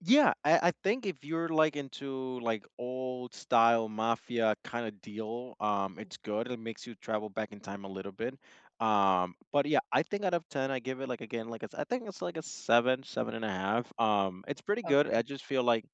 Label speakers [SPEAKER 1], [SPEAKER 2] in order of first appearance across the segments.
[SPEAKER 1] Yeah, I I think if you're, like, into, like, old-style mafia kinda deal, um, it's good, it makes you travel back in time a little bit, um, but, yeah, I think out of 10, I give it, like, again, like, it's I think it's, a 7, 7 1/2, um, it's pretty good, I
[SPEAKER 2] Okay.
[SPEAKER 1] just feel like,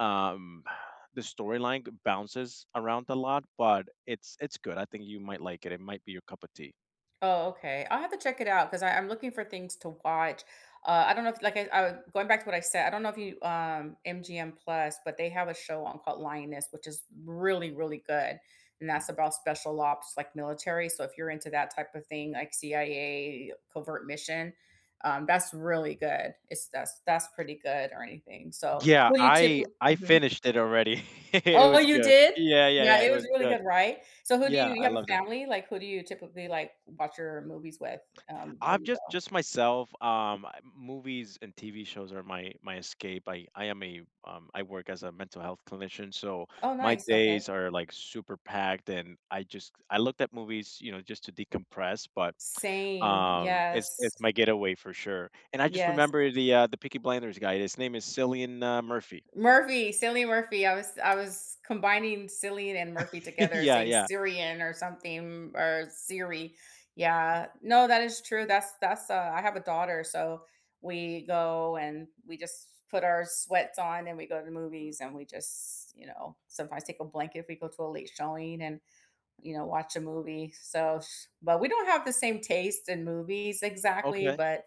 [SPEAKER 1] um, the storyline g bounces around a lot, but it's it's good I think you might like it, it might be your cup a tea.
[SPEAKER 2] Oh, okay, I'll have to check it out 'cause I I'm looking for things to watch, uh, I don't know if like I uh going back to what I said I don't know if you, um, MGM Plus but they have a show on called Lioness, which is really, really good, and that's about special ops like military, so if you're into that type of thing, like CIA covert mission, um, that's really good. It's that's that's pretty good or anything. So,
[SPEAKER 1] Yeah,
[SPEAKER 2] who do you
[SPEAKER 1] I
[SPEAKER 2] typi
[SPEAKER 1] I
[SPEAKER 2] Mhm.
[SPEAKER 1] finished it already, it
[SPEAKER 2] Oh,
[SPEAKER 1] was
[SPEAKER 2] you
[SPEAKER 1] good
[SPEAKER 2] did?
[SPEAKER 1] yeah, yeah,
[SPEAKER 2] Yeah,
[SPEAKER 1] yeah it
[SPEAKER 2] it was
[SPEAKER 1] was
[SPEAKER 2] really
[SPEAKER 1] good
[SPEAKER 2] good, right? So who do
[SPEAKER 1] yeah,
[SPEAKER 2] you you
[SPEAKER 1] I
[SPEAKER 2] have
[SPEAKER 1] loved
[SPEAKER 2] a
[SPEAKER 1] it.
[SPEAKER 2] family, like, who do you typically, like, watch your movies with, um, when
[SPEAKER 1] I've
[SPEAKER 2] you
[SPEAKER 1] just
[SPEAKER 2] go?
[SPEAKER 1] just myself, um, I m movies and TV shows are my my escape, I I am a um, I work as a mental health clinician, so
[SPEAKER 2] Oh,
[SPEAKER 1] my
[SPEAKER 2] nice,
[SPEAKER 1] days
[SPEAKER 2] okay.
[SPEAKER 1] are, like, super packed, and, I just I look at movies, you know, just to decompress, but,
[SPEAKER 2] Same,
[SPEAKER 1] um, it's
[SPEAKER 2] yes.
[SPEAKER 1] it's my getaway for sure, and I just
[SPEAKER 2] Yes.
[SPEAKER 1] remember the, uh, the Peaky Blinders guy, his name is Cillian uh Murphy.
[SPEAKER 2] Murphy, Cillian Murphy, I was I was combining Cillian and Murphy together
[SPEAKER 1] Yeah,
[SPEAKER 2] saying
[SPEAKER 1] yeah.
[SPEAKER 2] Syrian or something or Siri, yeah No, that is true, that's that's, uh I have a daughter, so, we go and we just put our sweats on and we go to the movies and we just, you know, sometimes take a blanket if we go to a late showing and, you know, watch a movie, so, if s but we don't have the same taste in movies exactly,
[SPEAKER 1] Okay.
[SPEAKER 2] but,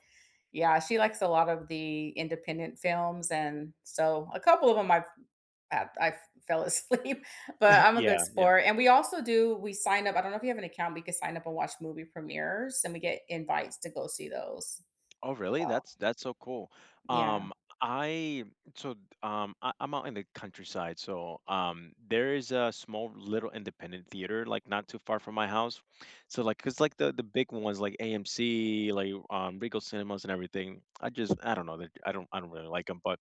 [SPEAKER 2] yeah, she likes a lot of the independent films, and, so, a couple of 'em I've I've I've fell asleep, but I'm a good
[SPEAKER 1] Yeah, yeah.
[SPEAKER 2] sport, and we also do we sign up, I don't know if you have an account, we could sign up and watch movie premieres, and we get invites to go see those.
[SPEAKER 1] Oh, really?
[SPEAKER 2] Well
[SPEAKER 1] That's that's so cool. Um,
[SPEAKER 2] Yeah.
[SPEAKER 1] I so, um I I'm out in the countryside, so, um, there is a small little independent theater, like, not too far from my house. So like 'cause like the the big ones, like AMC, like, um, Regal Cinemas and everything, I just I don't know, I don't I don't really like 'em, but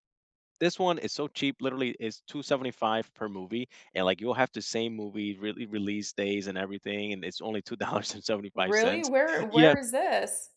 [SPEAKER 1] this one is so cheap, literally is $2.75 per movie, and like you'll have the same movie rel release days and everything, and it's only two dollars and seventy-five
[SPEAKER 2] Really?
[SPEAKER 1] cents
[SPEAKER 2] Where
[SPEAKER 1] Yeah
[SPEAKER 2] where is this?